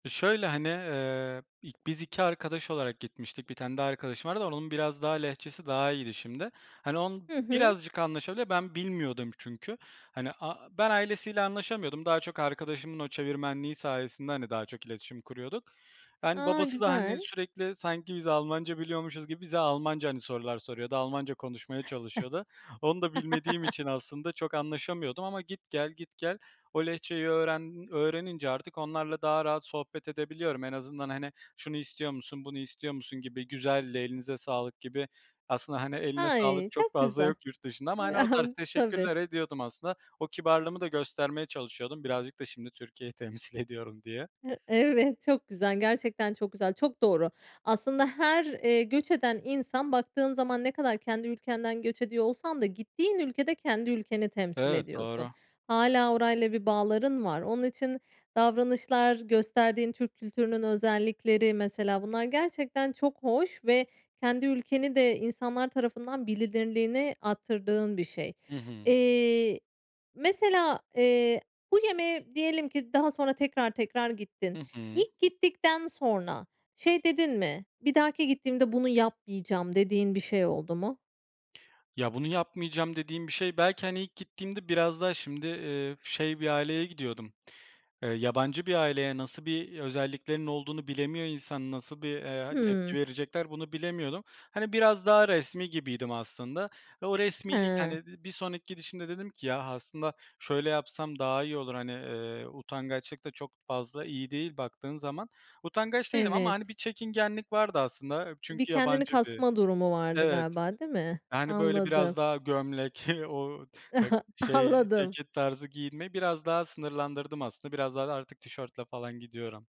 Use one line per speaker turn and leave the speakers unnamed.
Şöyle, hani, ııı, i biz 2 arkadaş olarak gitmiştik, 1 tane daha arkadaşım vardı. Onun biraz daha Lehçesi daha iyiydi şimdi. Hani, onun
Hı hı.
birazcık anlaşabiliyor. Ben, bilmiyordum çünkü. Hani, a ben ailesiyle anlaşamıyordum. Daha çok arkadaşımın o çevirmenliği sayesinde, hani, daha çok iletişim kuruyorduk. Yani,
A,
babası da, hani,
güzel.
sürekli sanki biz Almanca biliyormuşuz gibi bize Almanca, hani, sorular soruyordu, Almanca konuşmaya çalışıyordu. Onu da bilmediğim için aslında çok anlaşamıyordum ama git, gel, git, gel o Lehçeyi öğren öğrenince artık onlarla daha rahat sohbet edebiliyorum. En azından, hani, "Şunu istiyor musun, bunu istiyor musun?" gibi, "Güzeldi, elinize sağlık." gibi. Aslında, hani, eline
Ay,
sağlık çok
çok
fazla
güzel.
yok yurt dışında ama, hani, o tarz
Tabii.
teşekkürler ediyordum aslında. O kibarlığımı da göstermeye çalışıyordum, birazcık da şimdi Türkiye'yi temsil ediyorum diye.
Hı Evet, çok güzel. Gerçekten çok güzel, çok doğru. Aslında her, ııı, göç eden insan baktığın zaman ne kadar kendi ülkenden göç ediyor olsan da gittiğin ülkede kendi ülkeni temsil
Evet,
ediyorsun.
doğru.
Hâlâ orayla bir bağların var. Onun için davranışlar, gösterdiğin Türk kültürünün özellikleri, mesela bunlar gerçekten çok hoş ve kendi ülkeni de insanlar tarafından bilinirliğini arttırdığın bir şey.
Hı hı.
Eee, mesela, eee, bu yemeğe diyelim ki daha sonra tekrar, tekrar
Hı
gittin.
hı.
İlk gittikten sonra şey dedin mi, "Bir dahaki gittiğimde bunu yapmayacağım." dediğin bir şey oldu mu?
Ya, "Bunu yapmayacağım." dediğim bir şey belki, hani, ilk gittiğimde biraz daha şimdi, ııı, şey bir aileye gidiyordum, eee, yabancı bir aileye, nasıl bir özelliklerinin olduğunu bilemiyor insan, nasıl bir, eee, tepki
Hıı.
verecekler bunu bilemiyordum. Hani, biraz daha resmî gibiydim aslında. Ve o resmîlik, hani,
Hıı.
ııı, bir sonraki gidişimde dedim ki "Ya, aslında şöyle yapsam daha iyi olur." hani, ııı, utangaçlık da çok fazla iyi değil baktığın zaman. Utangaç değildim ama,
Evet.
hani, bir çekingenlik vardı aslında.
Bir
Çünkü
kendini
yabancı bi
kasma durumu vardı
evet.
galiba, değil mi?
Yani, böyle
Anladım.
biraz daha gömlek, o ta şey,
Anladım.
ceket tarzı giyinmeyi biraz daha sınırlandırdım aslında. Biraz daha artık tişörtle falan gidiyorum.